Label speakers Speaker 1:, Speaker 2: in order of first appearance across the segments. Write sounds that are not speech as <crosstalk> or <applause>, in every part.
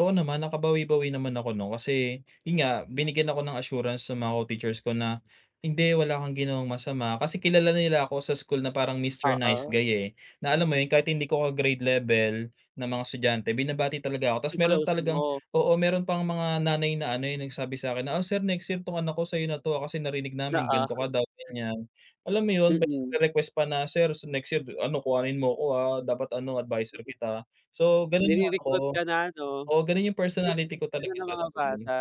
Speaker 1: Oo naman nakabawi-bawi naman ako 'no, kasi, yun nga, binigyan ako ng assurance sa mga co-teachers ko na, hindi wala kang ginawang masama, kasi kilala nila ako sa school na parang "Mister Nice
Speaker 2: Oo.
Speaker 1: Guy" eh, na alam mo yun kahit hindi ko ka-grade level, na mga estudyante binabati talaga ako, tapos meron
Speaker 2: Ni-close
Speaker 1: talagang
Speaker 2: mo?
Speaker 1: oo meron pang mga nanay na ano, yung nagsabi sa akin na, "Oh sir, next year, tong anak ko sa'yo na 'to kasi narinig namin
Speaker 2: Oo.
Speaker 1: ganto ka daw, ganyan." Alam mo yun? May
Speaker 2: Mm.
Speaker 1: request pa na, "Sir, next year ano kuhanin mo ko ah, dapat ano adviser kita," So ganun yung ano ko
Speaker 2: Nire-recruit ka na 'no?
Speaker 1: oo, ganun yung
Speaker 2: <unintelligible>
Speaker 1: personality ko
Speaker 2: ka
Speaker 1: talaga
Speaker 2: ng
Speaker 1: sa
Speaker 2: mga
Speaker 1: school.
Speaker 2: bata.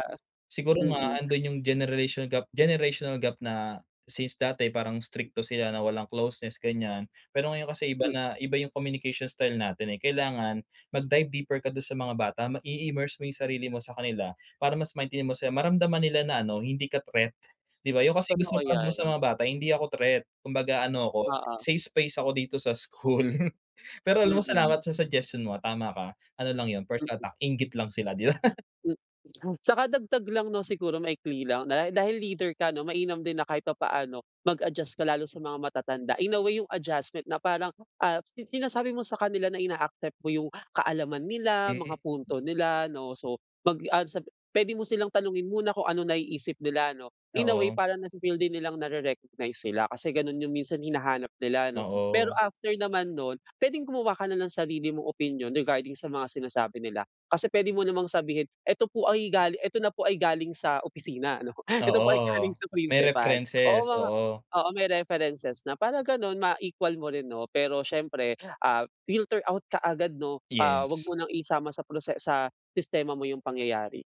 Speaker 1: Siguro
Speaker 2: Mm.
Speaker 1: nga andun yung generation gap generational gap na, since dati, parang strikto sila na walang closeness ganyan, pero ngayon kasi iba
Speaker 2: Hmm.
Speaker 1: na, iba yung communication style natin eh, kailangan, mag dive deeper ka dun sa mga bata, mag i-immerse mo yung sarili mo sa kanila, para mas maintindi mo sila, maramdaman nila na ano, hindi ka threat, di ba yung kasi gusto
Speaker 2: Totoo
Speaker 1: ko dun sa
Speaker 2: yan.
Speaker 1: mga bata hindi ako threat, kumbaga ano ako,
Speaker 2: Oo.
Speaker 1: safe space ako dito sa school. Pero alam mo
Speaker 2: Hmm.
Speaker 1: salamat sa suggestion mo tama ka, ano lang yun first attack, inggit lang sila di ba? <chuckles>
Speaker 2: Hmm, saka dagdag lang 'no, siguro, maikli lang na dahil leader ka 'no, mainam din na kahit pa-paano, mag-adjust ka lalo sa mga matatanda, in a way 'yung adjustment na parang, ah, sinasabi mo sa kanila na ina-accept mo yung kaalaman nila, mga
Speaker 1: Hmm.
Speaker 2: punto nila, 'no, so, mag, ah, sa pwede mo silang tanungin muna kung ano naiisip nila 'no, in a way
Speaker 1: Oo.
Speaker 2: parang nafi-feel din nilang nare-recognize sila, kasi ganun yung minsan hinahanap nila 'no? Pero
Speaker 1: Oo.
Speaker 2: after naman nun, pwedeng gumawa ka na ng sarili mong opinyon regarding sa mga sinasabi nila, kasi pwede mo namang sabihin "Eto po ay galing, eto na po ay galing sa opisina" Ano, eto po ay galing
Speaker 1: Oo,
Speaker 2: sa
Speaker 1: may
Speaker 2: principal, oo
Speaker 1: references,
Speaker 2: mga
Speaker 1: oo.
Speaker 2: oo may references na para ganon, ma-equal mo rin 'no, pero siyempre, ah, filter out ka agad 'no, ah, wag
Speaker 1: Yes.
Speaker 2: mo ng isama sa prose sa sistema mo yung pangyayari.